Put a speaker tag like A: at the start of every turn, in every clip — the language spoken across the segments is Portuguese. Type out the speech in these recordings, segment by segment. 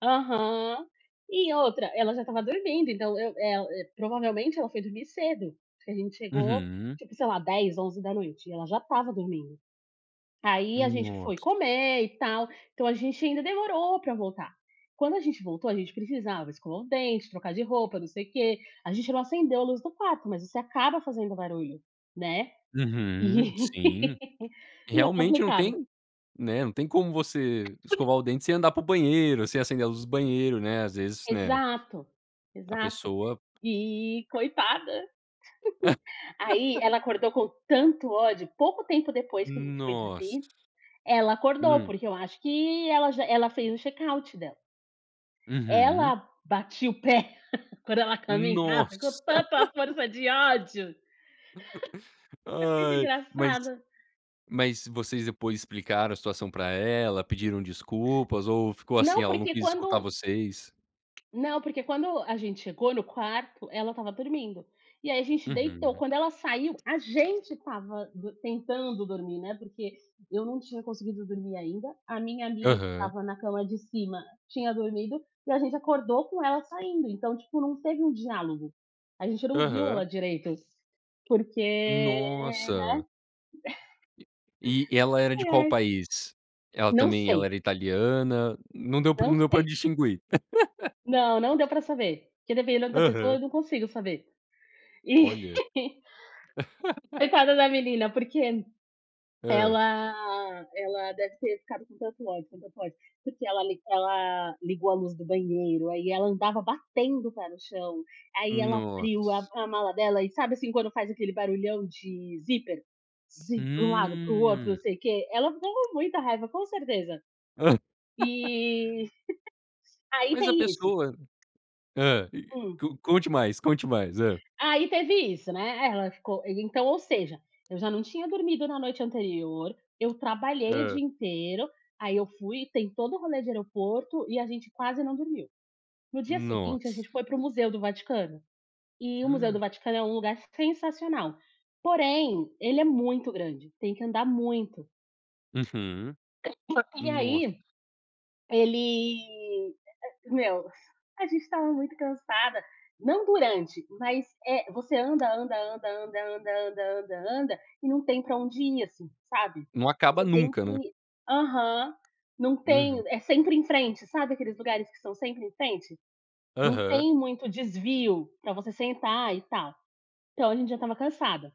A: Aham, e outra, ela já estava dormindo, então eu eh, hã, provavelmente ela foi dormir cedo, que a gente chegou,
B: Uhum.
A: tipo, sei lá, 22:00, 23:00, e ela já estava dormindo. Aí a gente foi
B: Nossa.
A: comer e tal, então a gente ainda demorou para voltar, quando a gente voltou, a gente precisava escovar o dente, trocar de roupa, não sei o quê a gente não acendeu a luz do quarto, mas você acaba fazendo barulho, né,
B: Uhum,
A: e
B: sim,
A: e é
B: realmente não
A: complicado.
B: tem Né, não tem como você escovar o dente sem andar para o banheiro, sem acender a luz do banheiro, né às vezes né.
A: Exato
B: A
A: exato,
B: pessoa
A: e coitada. Aí ela acordou com tanto ódio pouco tempo depois que a gente foi
B: Nossa.
A: dormir, ela acordou,
B: Hum.
A: porque eu acho que ela já ela fez o check-out dela.
B: Uhum.
A: Ela batia o pé, quando ela caminhava, com
B: Nossa.
A: tanta força de ódio. Foi muito
B: Ai, mas
A: engraçada.
B: mas vocês, depois, explicaram a situação para ela, pediram desculpas, ou ficou assim,
A: Não,
B: ela não
A: porque
B: quis escutar
A: quando
B: vocês?
A: não porque quando a gente chegou no quarto, ela estava dormindo, e aí a gente deitou
B: Uhum.
A: quando ela saiu, a gente estava dor tentando dormir, né, porque eu não tinha conseguido dormir ainda, a minha amiga que
B: Aham.
A: estava na cama de cima tinha dormido, e a gente acordou com ela saindo, então, tipo, não teve um diálogo, a gente não viu
B: Aham.
A: ela direito, porque, né.
B: Nossa. E e ela era de
A: Ai,
B: qual
A: ai.
B: país? Ela
A: Não
B: também ela
A: sei.
B: era italiana não deu para não
A: Não
B: deu para
A: sei.
B: distinguir.
A: Não, não deu para saber, porque dependendo da pessoa
B: Aham.
A: eu não consigo saber. E
B: Olha.
A: coitada da menina, porque
B: Hã.
A: ela ela deve ter ficado com tanto ódio, com tanto ódio, porque ela li ela ligou a luz do banheiro, aí ela andava batendo o pé no chão, aí ela abriu a
B: Nossa.
A: a mala dela e, sabe, assim, quando faz aquele barulhão de zíper? para um lado, para o outro, não
B: Hum.
A: sei o quê ela ficou com muita raiva, com certeza. E aí
B: Mas a
A: tem isso.
B: pessoa Hã, e
A: Hum.
B: conte mais conte mais, hã.
A: Ai teve isso, né, é ela ficou e então, ou seja, eu já não tinha dormido na noite anterior, eu trabalhei o
B: Hã.
A: dia inteiro, aí eu fui tem todo o rolê de aeroporto, e a gente quase não dormiu. No dia seguinte a gente
B: Nossa.
A: foi para o museu do Vaticano, e o museu do Vaticano é um lugar sensacional, porém, ele é muito grande, tem que andar muito.
B: Uhum,
A: E
B: nossa.
A: aí, ele, e e meus, a gente estava muito cansada, não durante, mas, eh, você anda, anda, anda, anda, anda, anda, anda, anda, e não tem para onde ir, assim, sabe,
B: Não acaba
A: você tem
B: nunca, né.
A: que Aham, não
B: Uhum.
A: tem é sempre em frente, sabe aqueles lugares que são sempre em frente? Não
B: Aham.
A: tem muito desvio, para você sentar e tal, então a gente já estava cansada.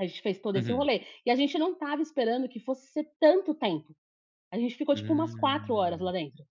A: A gente fez todo esse
B: Uhum.
A: rolê, e a gente não estava esperando que fosse ser tanto tempo, a gente ficou tipo umas 4 horas
B: Hum.
A: lá dentro.